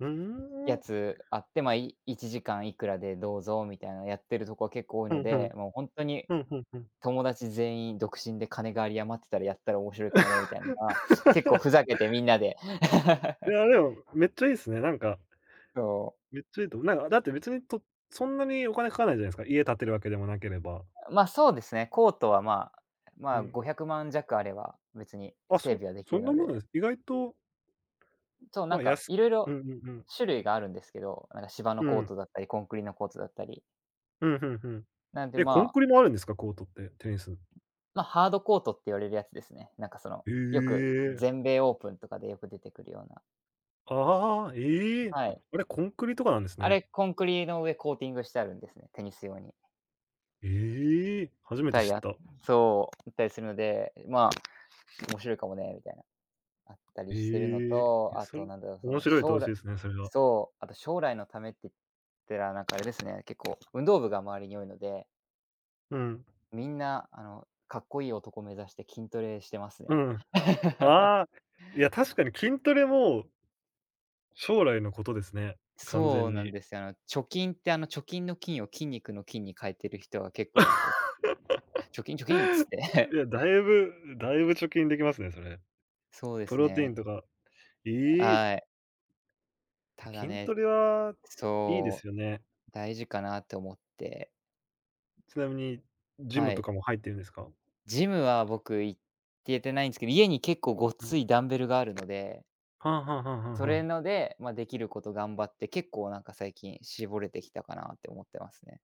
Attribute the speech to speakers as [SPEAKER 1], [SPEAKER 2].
[SPEAKER 1] うー
[SPEAKER 2] や
[SPEAKER 1] ん。
[SPEAKER 2] つあって、ま、い1時間いくらでどうぞ、みたいなやってるとこ結構多い
[SPEAKER 1] ふ
[SPEAKER 2] の
[SPEAKER 1] んふ
[SPEAKER 2] で、
[SPEAKER 1] ん。
[SPEAKER 2] もうほんとに
[SPEAKER 1] ふんふんふん。
[SPEAKER 2] 友達全員独身で金が有り余ってたら、やったら面白いかもねみたいなのが、結構ふざけてみ んなで
[SPEAKER 1] い や、でも、めっちゃいいっすね、なんか
[SPEAKER 2] そう。
[SPEAKER 1] めっちゃいいと思う。なんか、だって、別にとそんなにお金かかんないじゃないすか、家建てるわけでもなければ。
[SPEAKER 2] ん、ま、そうですね。コートは、まあま
[SPEAKER 1] う
[SPEAKER 2] あ、
[SPEAKER 1] ん。
[SPEAKER 2] 500万弱あれば、別に
[SPEAKER 1] あ、
[SPEAKER 2] 整
[SPEAKER 1] そ
[SPEAKER 2] 備はでき
[SPEAKER 1] そ
[SPEAKER 2] る
[SPEAKER 1] んな
[SPEAKER 2] の
[SPEAKER 1] もの
[SPEAKER 2] で。
[SPEAKER 1] で。意外と
[SPEAKER 2] う、そう、な
[SPEAKER 1] ま
[SPEAKER 2] ん
[SPEAKER 1] あ、や
[SPEAKER 2] か、
[SPEAKER 1] す
[SPEAKER 2] いろ
[SPEAKER 1] い
[SPEAKER 2] い
[SPEAKER 1] う
[SPEAKER 2] ろ
[SPEAKER 1] んうんうん。
[SPEAKER 2] 種類があるんですけど、なんか、芝の
[SPEAKER 1] う
[SPEAKER 2] コー
[SPEAKER 1] ん。
[SPEAKER 2] トだったり、コンクリのコートだったり。
[SPEAKER 1] うん、ふんふん。
[SPEAKER 2] なんで、
[SPEAKER 1] え、コン
[SPEAKER 2] まあ、
[SPEAKER 1] クリも
[SPEAKER 2] そ
[SPEAKER 1] あ
[SPEAKER 2] の
[SPEAKER 1] るんですか、コートって。テニス。
[SPEAKER 2] ま、ハードコートって言われるやつですね。なんか、その、
[SPEAKER 1] へ
[SPEAKER 2] よく
[SPEAKER 1] え。
[SPEAKER 2] 全米オープンとかでよく出てくるような。
[SPEAKER 1] あああ、ええ、
[SPEAKER 2] はい。
[SPEAKER 1] あれコンクリとかなんです
[SPEAKER 2] あ
[SPEAKER 1] ね。
[SPEAKER 2] れ、コンクリの上コーティングしてあるんですね、テニス用に。
[SPEAKER 1] ええ、初めて
[SPEAKER 2] たい
[SPEAKER 1] 知っ
[SPEAKER 2] や
[SPEAKER 1] た。
[SPEAKER 2] そう、行ったりするので、まあ、面
[SPEAKER 1] [unintelligible]
[SPEAKER 2] 白いかもねみたいな。あった
[SPEAKER 1] へ
[SPEAKER 2] りしてるの
[SPEAKER 1] え。
[SPEAKER 2] と、
[SPEAKER 1] え、
[SPEAKER 2] あ
[SPEAKER 1] そ
[SPEAKER 2] と、
[SPEAKER 1] れ
[SPEAKER 2] なんだろう、そ
[SPEAKER 1] 面
[SPEAKER 2] の、
[SPEAKER 1] 白
[SPEAKER 2] し
[SPEAKER 1] い
[SPEAKER 2] ょう
[SPEAKER 1] 投
[SPEAKER 2] ら
[SPEAKER 1] 資ですね、それは。
[SPEAKER 2] そう、あと、将来のためっててら、なんか、あれですね、結構、運動部が周りに多いので
[SPEAKER 1] うん。
[SPEAKER 2] みんな、あの、かっこいい男目指して筋トレしてます
[SPEAKER 1] う
[SPEAKER 2] ね。
[SPEAKER 1] ん。ああ、いや、確かに筋トレも将来のことですね、完
[SPEAKER 2] そう
[SPEAKER 1] 全
[SPEAKER 2] なん
[SPEAKER 1] に。
[SPEAKER 2] ですよ。あの、貯金って、あの、貯金の金を筋肉の筋に変えてる人は結構いますね。貯筋貯筋っつっ て。
[SPEAKER 1] い や、だいぶだいぶ貯筋できますね、それ。
[SPEAKER 2] そうで
[SPEAKER 1] プ
[SPEAKER 2] す
[SPEAKER 1] ロテイ
[SPEAKER 2] ね。
[SPEAKER 1] ンとか、い
[SPEAKER 2] あ、
[SPEAKER 1] い。や、
[SPEAKER 2] はい。ただ
[SPEAKER 1] 筋
[SPEAKER 2] ね
[SPEAKER 1] トレは、いいで
[SPEAKER 2] そ
[SPEAKER 1] すよね。
[SPEAKER 2] う、大事かなって思って。
[SPEAKER 1] ちなみにジ
[SPEAKER 2] は
[SPEAKER 1] ムと
[SPEAKER 2] い。
[SPEAKER 1] かも入ってるんですか？
[SPEAKER 2] ジムは、僕、行けてないんすけど、家に結構ご
[SPEAKER 1] う
[SPEAKER 2] つ
[SPEAKER 1] ん。
[SPEAKER 2] いダンベルがあるので
[SPEAKER 1] はあはあはあは
[SPEAKER 2] そ
[SPEAKER 1] あは
[SPEAKER 2] れ
[SPEAKER 1] あ。
[SPEAKER 2] ので、ま、できること頑張って、結構、なんか、最近絞れてきたかなって思ってますね。